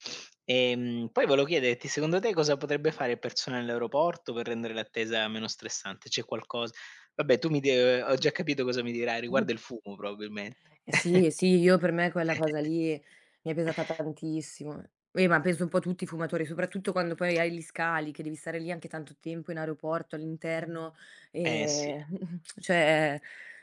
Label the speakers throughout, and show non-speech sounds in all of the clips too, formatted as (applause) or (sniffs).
Speaker 1: (sniffs) Ehm, poi volevo chiederti, secondo te cosa potrebbe fare il personale all'aeroporto per rendere l'attesa meno stressante? C'è qualcos vabbè tu mi d ho già capito cosa mi dirai, riguarda il fumo probabilmente.
Speaker 2: Eh sì, eh sì, io per me quella cosa lì mi è pesata
Speaker 1: (chuckles) (inhales)
Speaker 2: tantissimo. Eh, ma penso un po' tutti i fumatori, soprattutto quando poi hai gli scali, che devi stare lì anche tanto tempo in aeroporto all'interno
Speaker 1: Eh, sì.
Speaker 2: ehm mh-mh cioè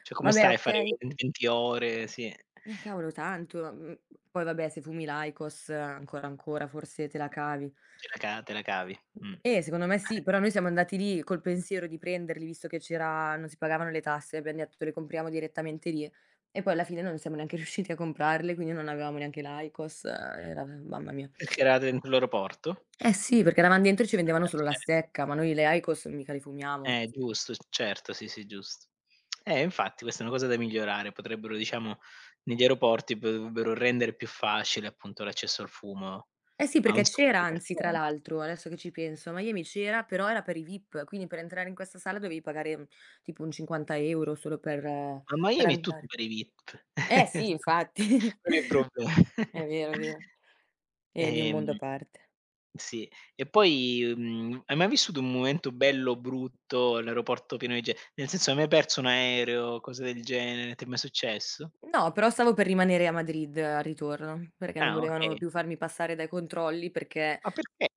Speaker 1: Cioè come
Speaker 2: vabbè,
Speaker 1: stai a fare
Speaker 2: okay
Speaker 1: 20 ore? Sì.
Speaker 2: Eh cavolo tanto. Mh, poi vabbè se fumi l'IQOS ancora, ancora forse te la cavi.
Speaker 1: Ce la ca te la cavi. Mh.
Speaker 2: E secondo me sì,
Speaker 1: Eh.
Speaker 2: però noi siamo andati lì col pensiero di prenderli visto che c'era non si pagavano le tasse, abbiam detto: "Le compriamo direttamente lì." E poi alla fine non siamo neanche riusciti a comprarle, quindi non avevamo neanche l'IQOS mamma mia.
Speaker 1: Perché
Speaker 2: (sniffs)
Speaker 1: eravate in quell'aeroporto?
Speaker 2: Eh, sì, perché eravam dentro e ci
Speaker 1: Eh,
Speaker 2: vendevano
Speaker 1: ma
Speaker 2: solo la
Speaker 1: ce
Speaker 2: stecca, ma noi le IQOS mica li fumiamo.
Speaker 1: Eh giusto, s certo, sì, sì, giusto. Eh, infatti questa è una cosa da migliorare, potrebbero diciamo negli aeroporti p dovrebbero rendere più facile appunto l'accesso al fumo
Speaker 2: Eh, sì,
Speaker 1: a
Speaker 2: perché
Speaker 1: un sacco
Speaker 2: c'era
Speaker 1: di
Speaker 2: anzi tra
Speaker 1: persone.
Speaker 2: l'altro, adesso che ci penso, a Miami c'era, però era per i vip, quindi per entrare in questa sala dovevi pagare, uh, (inhales) tipo un 50 € solo per
Speaker 1: A
Speaker 2: per
Speaker 1: Miami è tutto
Speaker 2: andare.
Speaker 1: per i vip.
Speaker 2: Eh,
Speaker 1: (chuckles)
Speaker 2: sì, infatti.
Speaker 1: Non è
Speaker 2: (chuckles)
Speaker 1: pro
Speaker 2: È
Speaker 1: (chuckles)
Speaker 2: vero, è vero. È di un mondo a
Speaker 1: Ehm,
Speaker 2: parte.
Speaker 1: sì, e poi, mhmm, hai mai vissuto un momento bello, brutto, all'aeroporto pieno di ge nel senso, hai mai perso un aereo o cose del genere? Ti è mai successo?
Speaker 2: No, però stavo per rimanere a Madrid al ritorno, perché non
Speaker 1: Ah,
Speaker 2: volevano
Speaker 1: okay.
Speaker 2: più farmi passare dai controlli, perché
Speaker 1: Ma perché?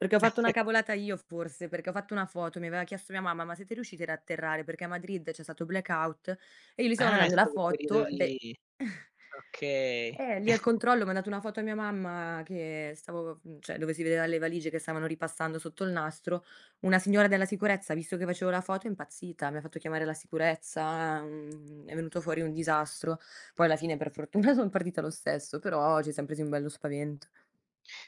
Speaker 2: perché ho fatto una cavolata io forse, perché ho fatto una foto, mi aveva chiesto mia mamma: "Ma siete riusciti ad atterrare?" Perché a Madrid c'è stato blackout e io gli stavo
Speaker 1: Ah è
Speaker 2: mandando la
Speaker 1: stato quel
Speaker 2: foto,
Speaker 1: periodi
Speaker 2: de
Speaker 1: lì. Okay.
Speaker 2: eh, lì al
Speaker 1: (chuckles)
Speaker 2: controllo ho mandato una foto a mia mamma che stavo, cioè dove si vedeva le valigie che stavano ripassando sotto il nastro. Una signora della sicurezza, ha visto che facevo la foto, è impazzita. Mi fatto chiamare la sicurezza, uhm, è venuto fuori un disastro. Poi alla fine per fortuna son partita lo stesso, però ci siam presi un bello spavento.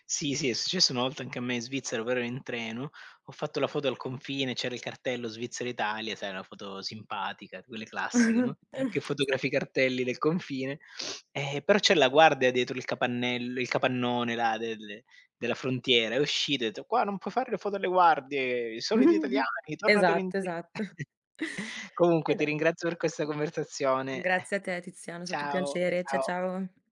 Speaker 1: Sì, sì, è successo una volta anche a me in Svizzera, però ero in treno, ho fatto la foto al confine, c'era il cartello Svizzera Italia, sai una foto simpatica, quelle classiche, no, che
Speaker 2: (chuckles)
Speaker 1: fotografi cartelli del confine, (sniffs) eh, però c'è la guardia dietro il capannello il capannone là del della frontiera, è uscita e ha detto: "Qua non puoi fare le foto alle guardie, i soliti
Speaker 2: (chuckles)
Speaker 1: italiani tornatelo
Speaker 2: Esatto,
Speaker 1: indietro."
Speaker 2: esatto.
Speaker 1: (chuckles) Comunque
Speaker 2: Ed
Speaker 1: ti
Speaker 2: e
Speaker 1: ringrazio per questa conversazione.
Speaker 2: Grazie a te Tiziano, è stato un
Speaker 1: Ciao,
Speaker 2: piacere. Ciao
Speaker 1: ciao.
Speaker 2: ciao.